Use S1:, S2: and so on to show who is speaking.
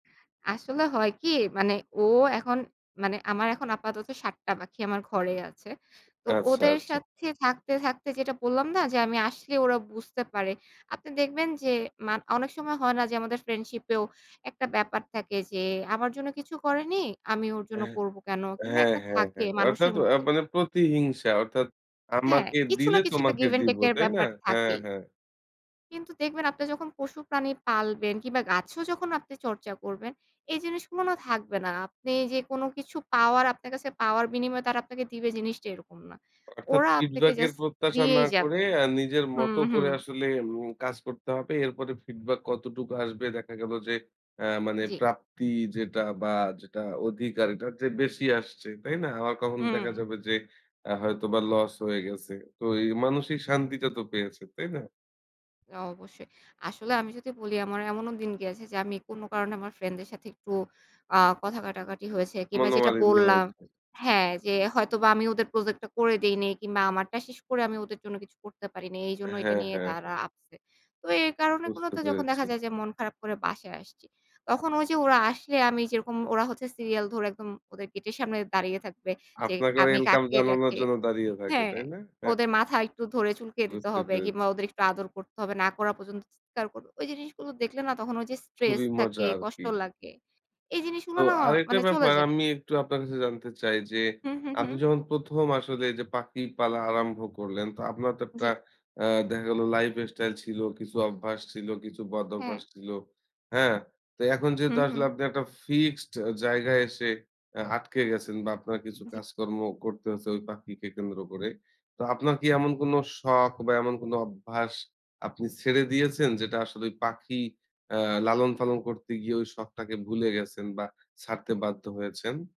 S1: আসলে হয় কি মানে ও এখন, মানে আমার এখন আপাতত ৭ টা পাখি আমার ঘরে আছে। তো
S2: আচ্ছা,
S1: ওদের
S2: আচ্ছা।
S1: সাথে থাকতে, থাকতে যেটা বললাম না যে আমি আসলে ওরা বুঝতে পারে। আপনি দেখবেন যে মান অনেক সময় হয় না যে আমাদের ফ্রেন্ডশিপ এও একটা ব্যাপার থাকে যে আমার জন্য কিছু করেনি। আমি ওর জন্য
S2: হ্যাঁ।
S1: করব কেনো? কিংবা
S2: হ্যাঁ,
S1: একটা
S2: হ্যাঁ,
S1: থাকে
S2: হ্যাঁ। অর্থাৎ
S1: মানুষের
S2: আ
S1: মধ্যে।
S2: মানে প্রতিহিংসা অর্থাৎ
S1: হ্যাঁ,
S2: আমাকে
S1: কিছু না
S2: দিলে
S1: কিছু একটা
S2: তোমাকে
S1: গিভ এন টেক
S2: দিবো,
S1: এর
S2: তাই না?
S1: ব্যাপার
S2: হ্যাঁ,
S1: থাকেই।
S2: হ্যাঁ।
S1: কিন্তু দেখবেন আপনি যখন পশু প্রাণী পালবেন কিংবা গাছও যখন আপনি চর্চা করবেন, এই জিনিসগুলোও থাকবে না। আপনি যে কোনো কিছু পাওয়ার আপনার কাছে পাওয়ার বিনিময়ে তারা আপনাকে দিবে জিনিসটা এরকম না।
S2: অর্থাৎ
S1: ওরা আপনাকে
S2: ফিডব্যাক এর
S1: জাস্ট
S2: প্রত্যাশা না
S1: দিয়েই
S2: করে
S1: যাবে
S2: আ নিজের মত
S1: হুম,
S2: করে
S1: হুম।
S2: আসলে এম কাজ করতে হবে। এরপরে ফিডব্যাক কতটুকু আসবে দেখা গেল যে অ্যা মানে
S1: জ্বী।
S2: প্রাপ্তি যেটা বা যেটা অধিকার এটার চেয়ে বেশি আসছে। তাই না? আবার কখন দেখা
S1: হুম।
S2: যাবে যে আ হয়তোবা লস হয়ে গেছে। তো এই মানুষিক শান্তিটা তো পেয়েছেন। তাই না?
S1: অবশ্যই। আসলে আমি যদি বলি আমার এমনও দিন গেছে, যে আমি কোনো কারণে আমার ফ্রেন্ড দের সাথে একটু আ কথা কাটাকাটি হয়েছে কিংবা যেটা
S2: মনোমালিন্য
S1: বললাম
S2: হয়েছে।
S1: হ্যাঁ, যে হয়তোবা আমি ওদের প্রজেক্ট টা করে দেইনি কিংবা আমারটা শেষ করে আমি ওদের জন্য কিছু করতে পারি নাই। এইজন্য এইটা
S2: হ্যাঁ,
S1: নিয়ে
S2: হ্যাঁ, হ্যাঁ।
S1: তারা আপসেট। তো এই
S2: বুঝতে
S1: কারণগুলোতে যখন দেখা
S2: পেরেছি।
S1: যায় যে মন খারাপ করে বাসায় আসছি। তখন ওই যে ওরা আসলে আমি যেরকম, ওরা হচ্ছে সিরিয়াল ধরে একদম ওদের গেটের সামনে দাঁড়িয়ে থাকবে। যে
S2: আপনাকে
S1: আমি
S2: ওয়েলকাম
S1: কাকে
S2: জানানোর
S1: রেখে
S2: জন্য দাঁড়িয়ে থাকে,
S1: হ্যাঁ,
S2: তাই না?
S1: ওদের মাথা একটু ধরে চুলকিয়ে দিতে
S2: বুঝতে
S1: হবে
S2: পেরেছি।
S1: কিংবা ওদের একটু আদর করতে হবে। না করা পর্যন্ত চিৎকার করবে। ওই জিনিসগুলো দেখলে না তখন ওই যে স্ট্রেস
S2: খুবই মজা
S1: থাকে, কষ্ট
S2: আরকি।
S1: লাগে। এই
S2: তো
S1: জিনিসগুলো না
S2: আরেকটা
S1: মানে চলে
S2: ব্যাপার
S1: যায়।
S2: আমি একটু আপনার কাছে জানতে চাই যে,
S1: হু, হু,
S2: আপনি
S1: হু।
S2: যখন ১ম আসলে যে পাখি পালা আরম্ভ করলেন। তো আপনার তো একটা
S1: জ্বী।
S2: আ দেখা গেল লাইফ স্টাইল ছিল, কিছু অভ্যাস ছিল, কিছু বদ-অভ্যাস
S1: হ্যাঁ।
S2: ছিল। হ্যাঁ? তো এখন যেহেতু
S1: হুম, হুম।
S2: আসলে আপনি একটা ফিক্সড জায়গায় এসে আ আটকে গেছেন। বা আপনার কিছু
S1: জ্বী।
S2: কাজকর্মও করতে হয়েছে ওই পাখিকে কেন্দ্র করে। তো আপনার কি এমন কোনো শখ বা এমন কোনো অভ্যাস আপনি ছেড়ে দিয়েছেন, যেটা আসলে ঐ পাখি অ্যা লালন-পালন করতে গিয়ে ওই শখটাকে ভুলে গেছেন বা ছাড়তে বাধ্য হয়েছেন?